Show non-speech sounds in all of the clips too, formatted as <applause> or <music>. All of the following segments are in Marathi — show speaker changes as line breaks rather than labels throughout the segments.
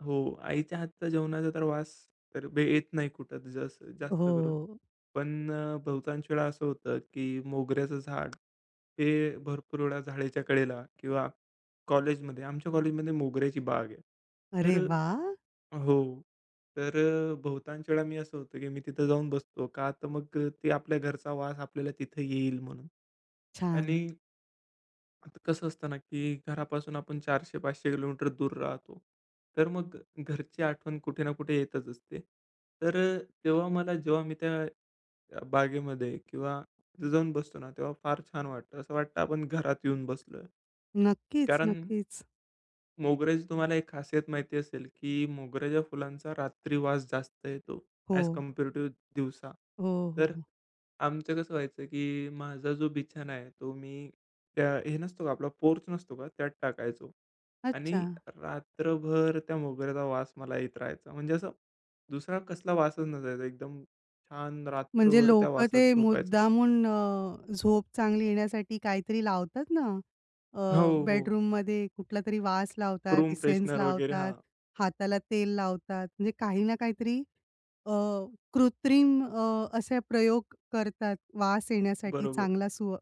हो. आईच्या हातच्या जेवणाचा तर वास तर बे येत नाही कुठं त जास् जास्त करून.
हो.
पण अ, बहुतांश वेळा असं होतं की मोगऱ्याचं झाड हे भरपूर वेळा जाळीच्या कडेला किंवा कॉलेजमध्ये, आमच्या कॉलेजमध्ये मोगऱ्याची बाग आहे. तर
अरे वाह!
अ हो, तर अ, बहुतांश वेळा मी असं होतं की मी तिथं जाऊन बसतो, का तर मग अ, ते आपल्या घरचा वास आपल्याला तिथं येईल म्हणून. आणि
छान!
आता कसं असतं ना की घरापासून आपण 400-500 किलोमीटर दूर राहतो. तर मग घरची आठवण कुठे ना कुठे येतच असते. तर अ, तेव्हा मला जेव्हा मी त्या अ, बागेमध्ये किंवा तिथे जाऊन बसतो ना तेव्हा फार छान वाटत. असं वाटतं आपण घरात येऊन बसलोय.
नक्कीच,
कारण
नक्कीच.
मोगऱ्याची तुम्हाला एक खासियत माहिती असेल की मोगऱ्याच्या फुलांचा रात्री वास जास्त येतो ॲज
हो.
कम्पॅरेटिव्ह दिवसा.
हो, हो,
तर
हो.
आमचं कसं व्हायचं की माझा जो बिछाना आहे, तो मी त्या हे नसतो का आपला पोर्च नसतो का त्यात टाकायचो आणि
अच्छा.
रात्रभर त्या मोगऱ्याचा वास मला येत राहायचा. म्हणजे असं दुसरा कसला वासच नसायचा. एकदम छान
म्हणजे
रात्रभर त्या
लोक
वासात
ते
झोपायचं.
मुद्दामून अ, झोप चांगली येण्यासाठी काहीतरी लावतात ना, अ,
हो, हो.
बेडरूममध्ये कुठलातरी वास लावतात,
रूम
इसेन्स
फ्रेशनर वगैरे,
लावतात,
हां.
हाताला तेल लावतात. म्हणजे काही ना काहीतरी अ, कृत्रिम अ, असे प्रयोग करतात वास येण्यासाठी.
बरोबर.
चांगला सु अ,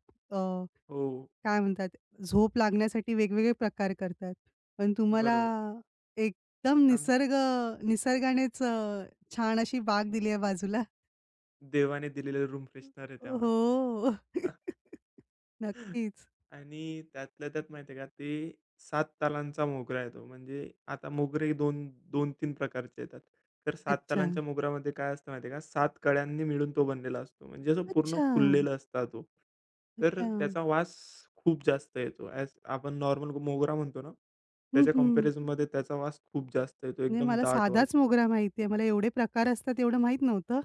हो.
काय म्हणतात झोप लागण्यासाठी वेगवेगळे प्रकार करतात. पण तुम्हाला
बरोबर.
एकदम
आम
निसर्ग निसर्गानेच अ, छान अशी बाग दिली आहे बाजूला. <chuckles>
देवाने दिलेले रूम फ्रेशनर आहे त्या वासात.
हो.
<chuckles>
<chuckles>
<chuckles>
नक्कीच.
आणि त्यातल्या त्यात माहितीये का ते 7 तालांचा मोगरा येतो. म्हणजे आता मोगरे दोन 2-3 प्रकारचे येतात. तर 7
अच्छा.
तालांच्या मोगऱ्यामध्ये काय असतं माहितीये का? 7 कळ्यांनी मिळून तो बनलेला असतो. म्हणजे जो पूर्ण
अच्छा!
फुललेला असता तो. तर अ,
अच्छा.
त्याचा वास खूप जास्त येतो. ॲज आपण नॉर्मल ग मोगरा म्हणतो ना,
हं,
त्याच्या
हं.
कंपॅरिझनमध्ये त्याचा वास खूप जास्त येतो,
म्हणजे
एकदम
मला
दाट वास
साधाच
येतो.
मोगरा माहिती आहे. मला एवढे प्रकार असतात एवढं माहीत नव्हतं.